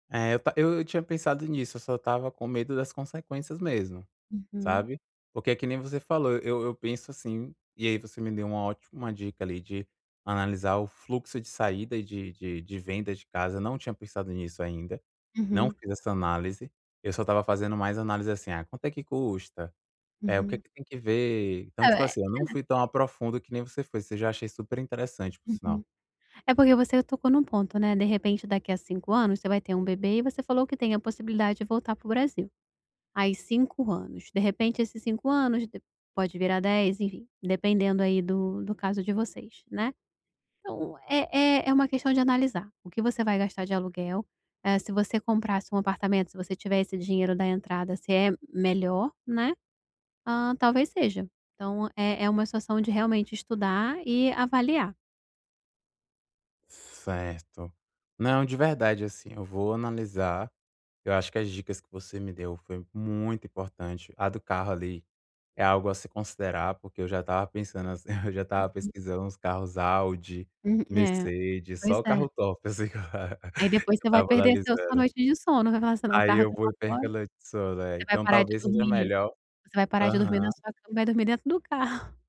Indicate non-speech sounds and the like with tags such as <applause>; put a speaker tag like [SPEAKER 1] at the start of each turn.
[SPEAKER 1] É eu ta eu eu tinha pensado nisso, eu só estava com medo das consequências mesmo,
[SPEAKER 2] Uhum.
[SPEAKER 1] sabe? Porque é que nem você falou, eu eu penso assim, e aí você me deu uma ótima dica ali de analisar o fluxo de saída e de de de venda de casa, não tinha pensado nisso ainda, não
[SPEAKER 2] Uhum.
[SPEAKER 1] fiz essa análise, eu só estava fazendo mais análise assim, quanto é que custa? É o que
[SPEAKER 2] Uhum.
[SPEAKER 1] que tem que ver? Então
[SPEAKER 2] É,
[SPEAKER 1] tipo
[SPEAKER 2] é.
[SPEAKER 1] assim, não fui tão a profundo que nem você foi, você já achei superinteressante por
[SPEAKER 2] Uhum.
[SPEAKER 1] sinal.
[SPEAKER 2] É porque você tocou num ponto, né, de repente daqui a 5 anos você vai ter um bebê e você falou que tem a possibilidade de voltar para o Brasil. Aí 5 anos, de repente esses cinco anos de pode virar 10 enfim dependendo aí do do caso de vocês, né, então é é é uma questão de analisar o que você vai gastar de aluguel. Eh, se você comprasse um apartamento se você tiver esse dinheiro da entrada se é melhor, né, hã, talvez seja. Então é é uma situação de realmente estudar e avaliar.
[SPEAKER 1] Certo. Não, de verdade assim, eu vou analisar, eu acho que as dicas que você me deu foi muito importante, a do carro ali é algo a se considerar porque eu já estava pensando assim, eu já estava
[SPEAKER 2] Uhum.
[SPEAKER 1] pesquisando uns carros Audi,
[SPEAKER 2] Hum, é,
[SPEAKER 1] Mercedes,
[SPEAKER 2] pois
[SPEAKER 1] só o
[SPEAKER 2] é.
[SPEAKER 1] carro top assim
[SPEAKER 2] Aí
[SPEAKER 1] <chuckles>
[SPEAKER 2] depois
[SPEAKER 1] que eu
[SPEAKER 2] você vai
[SPEAKER 1] estava
[SPEAKER 2] perder seu sua
[SPEAKER 1] analisando.
[SPEAKER 2] noite de sono vai falar assim: "o meu
[SPEAKER 1] Aí
[SPEAKER 2] carro
[SPEAKER 1] eu
[SPEAKER 2] tá lá
[SPEAKER 1] vou e
[SPEAKER 2] fora".
[SPEAKER 1] perco a noite de sono, é,
[SPEAKER 2] Você vai
[SPEAKER 1] então
[SPEAKER 2] parar de
[SPEAKER 1] talvez seja
[SPEAKER 2] dormir
[SPEAKER 1] melhor
[SPEAKER 2] você vai parar de dormir na
[SPEAKER 1] aham.
[SPEAKER 2] sua cama e vai dormir dentro do carro.